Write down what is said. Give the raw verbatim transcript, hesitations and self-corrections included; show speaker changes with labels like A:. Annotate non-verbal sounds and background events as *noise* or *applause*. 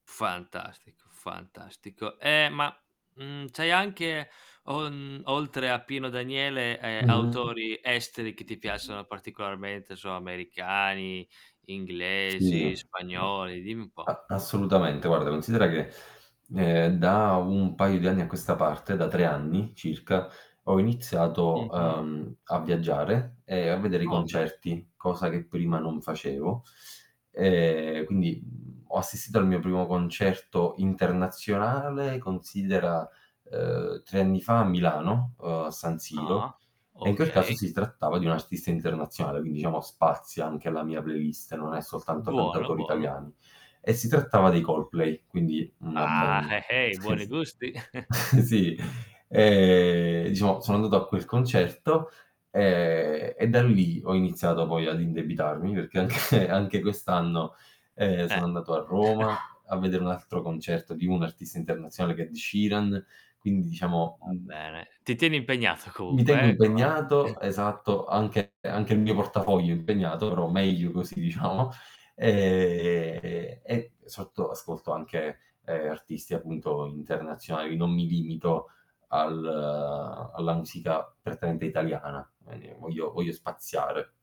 A: Fantastico, fantastico. Ehm, ma, mhmm, c'hai anche o mhmm, oltre a Pino Daniele, ehm,
B: Mh-mh.
A: autori esteri che ti piacciono particolarmente, 'nso americani, inglesi,
B: Sì.
A: spagnoli, dimmi un po'.
B: A assolutamente, guarda, considera che, ehm, da un paio di anni a questa parte, da tre anni, circa, ho iniziato,
A: Mh-mh.
B: ehm, a viaggiare e a vedere i
A: Oh, beh.
B: concerti, cosa che prima non facevo. Ehm, quindi, mhmm, ho assistito al mio primo concerto internazionale considera, uhm, tre anni fa a Milano, uhm, a San Siro,
A: Ah.
B: e in quel caso
A: Okay.
B: si trattava di un artista internazionale, quindi diciamo spazia anche la mia playlist, non è soltanto
A: Buono,
B: cantautori
A: buono.
B: italiani. E si trattava dei Coldplay, quindi una
A: Ah,
B: band.
A: he hei,
B: Eh
A: buoni
B: sì.
A: gusti! *chuckles*
B: *chuckles* Sì, ehm, diciamo sono andato a quel concerto, ehm, e da lì ho iniziato poi ad indebitarmi perché anche anche quest'anno, ehm,
A: Eh.
B: sono andato a
A: *chuckles*
B: Roma a vedere un altro concerto di un artista internazionale che è Ed Sheeran, quindi diciamo,
A: Va
B: mhmm
A: bene, ti tieni impegnato
B: mi tengo
A: comunque, eh, co
B: impegnato,
A: *chuckles*
B: esatto, anche anche il mio portafoglio impegnato, però meglio così, diciamo. Ehm, e sotto ascolto anche, ehm, artisti appunto internazionali, non mi limito al alla musica prettamente italiana, ehm, voglio voglio spaziare.